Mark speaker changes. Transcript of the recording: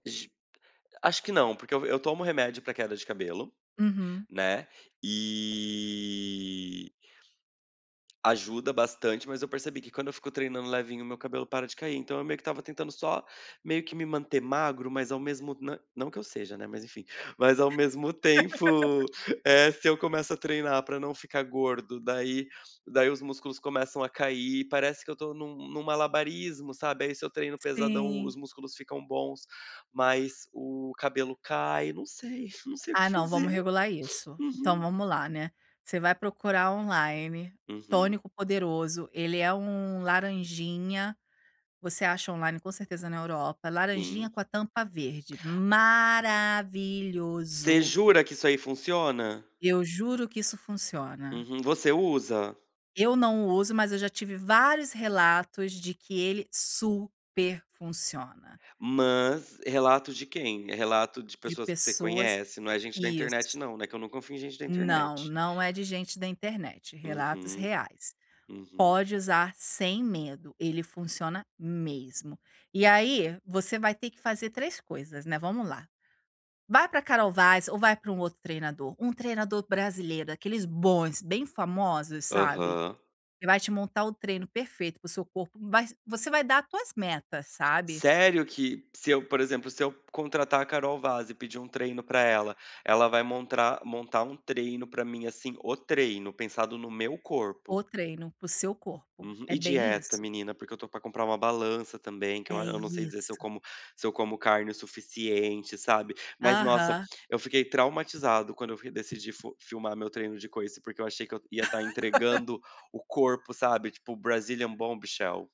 Speaker 1: J acho que não, porque eu eu tomo remédio para queda de cabelo,
Speaker 2: Uhum.
Speaker 1: né, e ajuda bastante, mas eu percebi que quando eu fico treinando levinho o meu cabelo para de cair. Então eu meio que estava tentando só, meio que me manter magro mas ao mesmo na não que eu seja, né, mas enfim, mas ao mesmo tempo, eh, se eu começo a treinar para não ficar gordo, daí daí os músculos começam a cair, parece que eu tô em um em um malabarismo, sabe? Aí, se eu treino pesadão
Speaker 2: Sim.
Speaker 1: os músculos ficam bons, mas o cabelo cai, não sei, não sei o
Speaker 2: Ah,
Speaker 1: que
Speaker 2: não, vamos
Speaker 1: fazer.
Speaker 2: regular isso. Então
Speaker 1: Uhum.
Speaker 2: vamos lá, né, você vai procurar online,
Speaker 1: Uhum.
Speaker 2: tônico poderoso, ele é um laranjinha, você acha online, com certeza, na Europa, laranjinha
Speaker 1: Sim.
Speaker 2: com a tampa verde,
Speaker 1: Você
Speaker 2: maravilhoso.
Speaker 1: jura que isso aí funciona?
Speaker 2: Eu juro que isso funciona.
Speaker 1: Uhum. Você usa?
Speaker 2: Eu não uso mas eu já tive vários relatos de que ele super funciona.
Speaker 1: Mas, relato de quem? É relato de
Speaker 2: De
Speaker 1: pessoas que você
Speaker 2: pessoas,
Speaker 1: conhece? Não é gente da internet
Speaker 2: isso.
Speaker 1: não, né? Que eu não confio em gente da
Speaker 2: Não,
Speaker 1: internet.
Speaker 2: não é de gente da internet, relatos
Speaker 1: Uhum.
Speaker 2: reais.
Speaker 1: Uhum.
Speaker 2: Pode usar sem medo, ele funciona mesmo. E aí, você vai ter que fazer 3 coisas, né, vamos lá. Vai para Carol Vaz ou vai para um outro treinador, um treinador brasileiro, aqueles bons, bem famosos sabe?
Speaker 1: Aham.
Speaker 2: Que vai te montar o treino perfeito para o seu corpo, mas você vai dar tuas metas, sabe?
Speaker 1: Sério que, se eu, por exemplo, se eu contratar a Carol Vaz e pedir um treino para ela, ela vai montar- montar um treino para mim, assim, o treino, pensado no meu corpo?
Speaker 2: O treino para o seu corpo,
Speaker 1: Uhum.
Speaker 2: é
Speaker 1: E
Speaker 2: bem
Speaker 1: dieta,
Speaker 2: isso.
Speaker 1: menina? Porque eu tô para comprar uma balança também que eu a
Speaker 2: É
Speaker 1: eu não sei dizer se eu
Speaker 2: isso.
Speaker 1: como se eu como carne o suficiente, sabe? Mas, nossa,
Speaker 2: Aham.
Speaker 1: eu fiquei traumatizado quando eu decidi fi filmar meu treino de coice, porque eu achei que eu ia estar entregando o corpo, sabe? Tipo, Brazilian Bombshell.